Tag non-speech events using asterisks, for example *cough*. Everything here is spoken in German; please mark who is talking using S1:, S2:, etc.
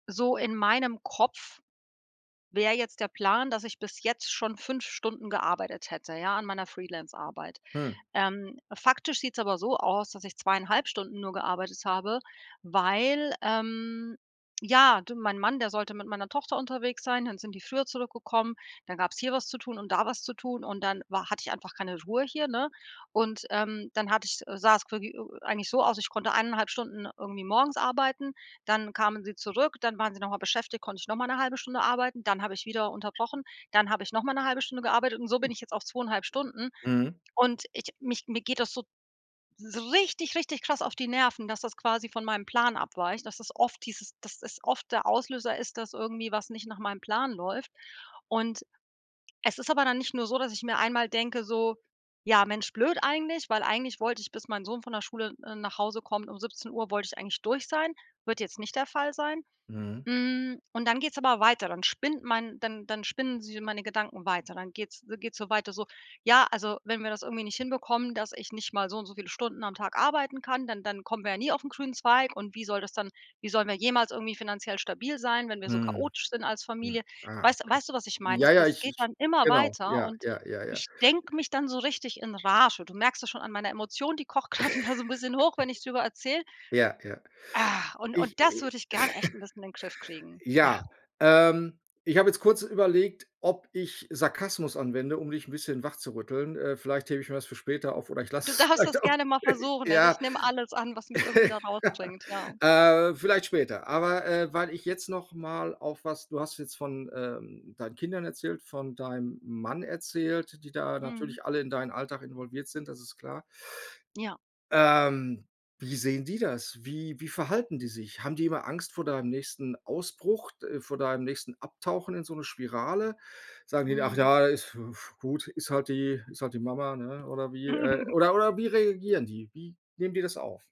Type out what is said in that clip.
S1: So in meinem Kopf wäre jetzt der Plan, dass ich bis jetzt schon 5 Stunden gearbeitet hätte, ja, an meiner Freelance-Arbeit.
S2: Hm.
S1: Ähm, faktisch sieht's aber so aus, dass ich 2,5 Stunden nur gearbeitet habe, weil, ähm ja, de mein Mann, der sollte mit meiner Tochter unterwegs sein, dann sind die früher zurückgekommen. Dann gab's hier was zu tun und da was zu tun und dann war hatte ich einfach keine Ruhe hier, ne? Und, ähm, dann hatte ich äh, sah es plö ö u eigentlich so aus, ich konnte 1,5 Stunden irgendwie morgens arbeiten. Dann kamen sie zurück, dann waren sie noch mal beschäftigt, konnte ich noch mal 'ne 1/2 Stunde arbeiten. Dann habe ich wieder unterbrochen, dann habe ich noch mal 'ne 1/2 Stunde gearbeitet und so bin ich jetzt auf 2,5 Stunden.
S2: Mhm.
S1: Und ich mich mir geht das so so richtig, richtig krass auf die Nerven, dass das quasi von meinem Plan abweicht, dass das oft dieses dass es oft der Auslöser ist, dass irgendwie was nicht nach meinem Plan läuft. Und es ist aber dann nicht nur so, dass ich mir einmal denke, so: „Ja, Mensch, blöd eigentlich“, weil eigentlich wollte ich, bis mein Sohn von der Schule, äh, nach Hause kommt, um 17 Uhr, wollte ich eigentlich durch sein. Wird jetzt nicht der Fall sein.
S2: Mhm.
S1: Hm, und dann geht's aber weiter. Dann spinnt mein dann dann spinnen s meine Gedanken weiter. Dann geht's äh, geht's so weiter, so: „Ja, also, wenn wir das irgendwie nicht hinbekommen, dass ich nicht mal so und so viele Stunden am Tag arbeiten kann, dann dann kommen wir ja nie auf 'n grünen Zweig. Und wie soll das dann wie sollen wir jemals irgendwie finanziell stabil sein, wenn wir so
S2: Mhm.
S1: chaotisch sind als
S2: Hm.
S1: Familie?“
S2: Ah,
S1: Weißt du
S2: okay.
S1: weißt du was ich meine?
S2: Ja,
S1: Das
S2: ja,
S1: das
S2: ich
S1: geht
S2: ich
S1: dann immer
S2: Genau.
S1: weiter
S2: Ja,
S1: und
S2: ja, ja, ja.
S1: ich denke mich dann so richtig in Rage. Du merkst das schon an meiner Emotion, die kocht grad wieder so 'n bisschen hoch, wenn ich drüber erzähle.
S2: *chuckles* Ja, ja.
S1: Ah! Und und
S2: Ich
S1: das
S2: äh. *chuckles*
S1: würde ich gern echt 'n bisschen in den Griff kriegen, ja.
S2: Ja, ähm, ich habe jetzt kurz überlegt, ob ich Sarkasmus anwende, um dich 'n bisschen wachzurütteln. Äh, vielleicht hebe ich mir das für später auf oder ich lasse
S1: Du
S2: es
S1: darfst das
S2: vielleicht auch.
S1: gerne mal versuchen. Also, ich
S2: Ja.
S1: nehme alles an, was mich irgendwie da
S2: *chuckles*
S1: rausbringt, ja.
S2: Äh, vielleicht später. Aber, äh, weil ich jetzt noch mal auf was du hast jetzt von, ähm, deinen Kindern erzählt, von deinem Mann erzählt, die da
S1: Mhm.
S2: natürlich alle in deinen Alltag involviert sind. Das ist klar.
S1: Ja.
S2: Ähm, wie sehen die das? Wie wie verhalten die sich? Haben die immer Angst vor deinem nächsten Ausbruch, d äh, vor deinem nächsten Abtauchen in so 'ne Spirale? Sagen die: „Ach
S1: Mhm.
S2: ja, ist w f gut, ist halt die ist halt die Mama, ne?“ Oder wie? Äh,
S1: *chuckles*
S2: oder oder wie reagieren die? Wie nehmen die das auf?